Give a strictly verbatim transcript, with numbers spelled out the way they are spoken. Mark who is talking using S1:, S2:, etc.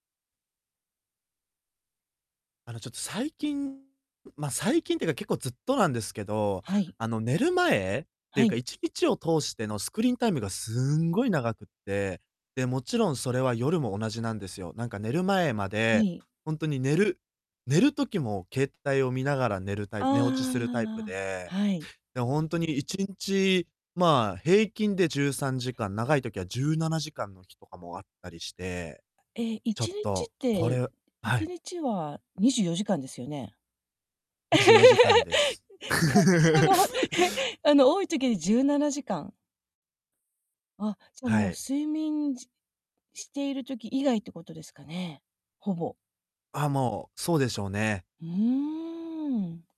S1: あの、ちょっと最近、ま、最近っていうか、結構ずっとなんですけど、
S2: はい。
S1: あの、寝る前ってい
S2: は
S1: うか、
S2: い。
S1: 一日を通してのスクリーンタイムがすんごい長くって。で、もちろんそれは夜も同じなんですよ。なんか寝る前ま
S2: は
S1: で、
S2: い。
S1: ほんとに、寝る寝る時も携帯を見ながら寝るタ
S2: あ
S1: イ
S2: ああ
S1: 寝落ちするタイプ
S2: ああああ
S1: で、
S2: あ。はい。
S1: で、ほんとに、いちんち、まあ、平均でじゅうさんじかん、長い時はじゅうななじかんの日とかもあったりして、
S2: え、い
S1: ちょ
S2: ち
S1: っ
S2: にちっ
S1: とこれ
S2: て、
S1: うあ、
S2: い
S1: は
S2: ち
S1: い。
S2: にちはにじゅうよじかんですよね？
S1: に
S2: し
S1: じゅうよじかんで
S2: ゃい、
S1: す。
S2: え、その、あの、多い時にじゅうななじかん？あ、じゃ、
S1: は
S2: もう、
S1: い。
S2: 睡眠ししている時以外ってことですかね？ほぼ。
S1: あ、もう、そうでしょうね。
S2: うーん。